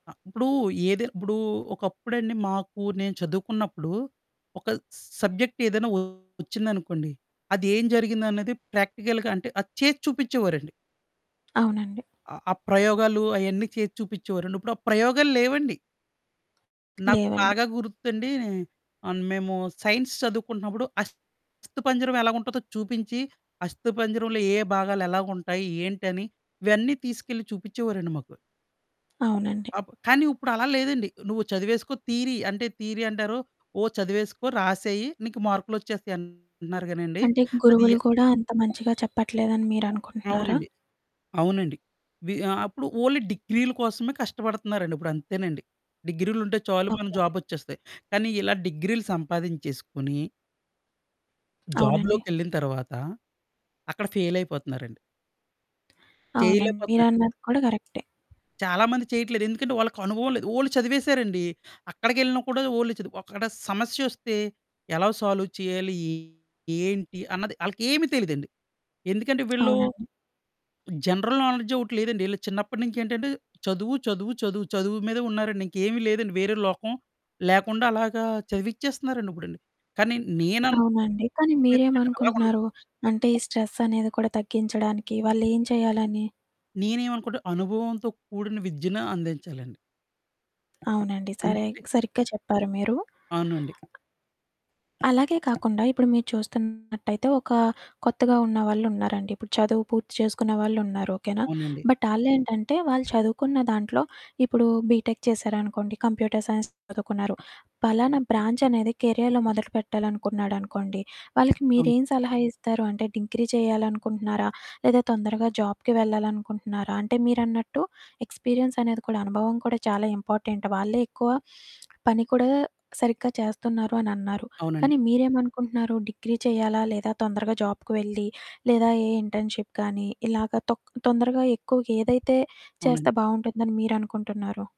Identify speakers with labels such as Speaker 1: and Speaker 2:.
Speaker 1: అ! ఇప్పుడూ ఏది ఇప్పుడూ ఒకప్పుడండి, మాకూ నేను చదువుకున్నప్పుడు ఒక సబ్జెక్ట్ ఏదైనా ఒచ్చిందనుకోండి, అదేం జరిగిందన్నది ప్రాక్టికల్‌గా అంటే, అది చేసి చూపిచ్చేవోరండి.
Speaker 2: అవునండి.
Speaker 1: ఆ! ఆ ప్రయోగాలు, అయన్నీ చేసి చూపిచ్చేవోరండి. ఇప్పుడు ఆ ప్రయోగాలు లేవండి. నాకు
Speaker 2: లేవండి.
Speaker 1: బాగా గుర్తండీ, అన్ మేమూ సైన్స్ చదువుకుంటన్నప్పుడు అస్థిపంజరం ఎలాగుంటదో చూపించి, అస్థిపంజరంలో ఏ ఏ భాగాలెలాగుంటాయి, ఏంటని ఇవన్నీ తీసుకెళ్ళి చూపిచ్చేవోరండి మాకు.
Speaker 2: అవునండి.
Speaker 1: అప్ కానీ ఉప్పుడలా లేదండి. నువ్వు చదివేసుకో థీరీ అంటే, థీరీ అంటారు. ఓ చదివేసుకో, రాసేయి, నీకు మార్కులొచ్చేస్తాయి అంటన్నారు గానండీ.
Speaker 2: అంటే,
Speaker 1: అదీ య
Speaker 2: గురువులు కూడా అంత మంచిగా చెప్పట్లేదని మీరనుకుంటన్నారా?
Speaker 1: అవునండి. అవునండి. వి ఆహ్, అప్పుడు ఓన్లీ డిగ్రీల కోసమే కష్టపడతన్నారండి, ఇప్పుడంతేనండి. డిగ్రీలుంటే చాలు
Speaker 2: ఓకే
Speaker 1: మనకు
Speaker 2: అండి.
Speaker 1: జాబొచ్చేస్తాయి. కానీ ఇలా డిగ్రీలు సంపాదించేసుకొని...
Speaker 2: అవునండి.
Speaker 1: జాబులోకెళ్ళిన తర్వాత, అక్కడ ఫెయిలయిపోతన్నారండి.
Speaker 2: అవునండి.
Speaker 1: చెయ్యలేపోతన్నారు.
Speaker 2: మీరన్నది కూడా కరెక్టే.
Speaker 1: చాలామంది చెయ్యట్లేదు. ఎందుకంటే, వాళ్ళకనుభవం లేదు. ఓన్లీ చదివేశారండి. అక్కడికెళ్ళినా కూడా ఓన్లీ చదువు. అక్కడ సమస్యొస్తే ఎలా సాల్వ్ చెయ్యాలి, ఏంటి అన్నది ఆళ్ళకేమీ తెలీదండి. ఎందుకంటే, వీళ్ళు
Speaker 2: అవునండి.
Speaker 1: జనరల్ నాలెడ్జొకటి లేదండి. ఈళ్ళకి చిన్నప్పడనుంచేంటంటే, చదువు, చదువు, చదువు, చదువు మీదే ఉన్నారండి, ఇంకేవి లేదండి. వేరే లోకం లేకుండలాగా చదివిచ్చేస్తన్నారండిప్పుడండి, కానీ
Speaker 2: అవునండి. కానీ
Speaker 1: నేననుకునేదేంటంటే అలాగుండ
Speaker 2: మీరేమనుకుంటన్నారు? అంటే, స్ట్రెస్సనేది కూడా తగ్గించడానికి వాళ్ళేం చెయ్యాలని?
Speaker 1: నేనేమనుకుంట, అనుభవంతో కూడిన విద్యను అందించాలండి.
Speaker 2: అవునండి. సరేగ్
Speaker 1: ఎందుకంటే
Speaker 2: సరిగ్గా చెప్పారు మీరు.
Speaker 1: అవునండి.
Speaker 2: అలాగే కాకుండా ఇప్పుడు మీరు చూస్తున్నట్టయితే, ఒకా కొత్తగా ఉన్న వాళ్ళున్నారండి. ఇప్పుడు చదువు పూర్తి చేసుకునే వాళ్ళున్నారు, ఓకేనా?
Speaker 1: అవునండి.
Speaker 2: బట్, ఆళ్ళేంటంటే, వాళ్ళు చదువుకున్న దాంట్లో ఇప్పుడూ బీటెక్ చేశారనుకోండి, కంప్యూటర్ సైన్స్ చదువుకున్నారు. పలానా బ్రాంచనేది కెరియాలో మొదలుపెట్టాలనుకున్నాడనుకోండి, వాళ్ళకి
Speaker 1: అవును.
Speaker 2: మీరేం సలహా ఇస్తారు? అంటే, డిగ్రీ చెయ్యాలనుకుంటన్నారా, లేదా తొందరగా జాబ్‌కి వెళ్ళాలనుకుంటన్నారా? అంటే, మీరన్నట్టు ఎక్స్‌పీరియన్సనేది కూడా అనుభవం కూడా చాలా ఇంపార్టెంట్. వాళ్ళే ఎక్కువ పని కూడా సరిగ్గా చేస్తన్నారు అనన్నారు,
Speaker 1: అవునండి.
Speaker 2: కానీ మీరేమనుకుంటున్నారు డిగ్రీ చెయ్యాలా, లేదా తొందరగా జాబ్‌కి వెళ్లి, లేదా ఏ ఇంటర్న్‌షిప్ కానీ, ఇలాగ తొక్ తొందరగా ఎక్కువుగేదైతే
Speaker 1: అవునండి.
Speaker 2: చేస్తే బావుంటుందని మీరనుకుంటున్నారు?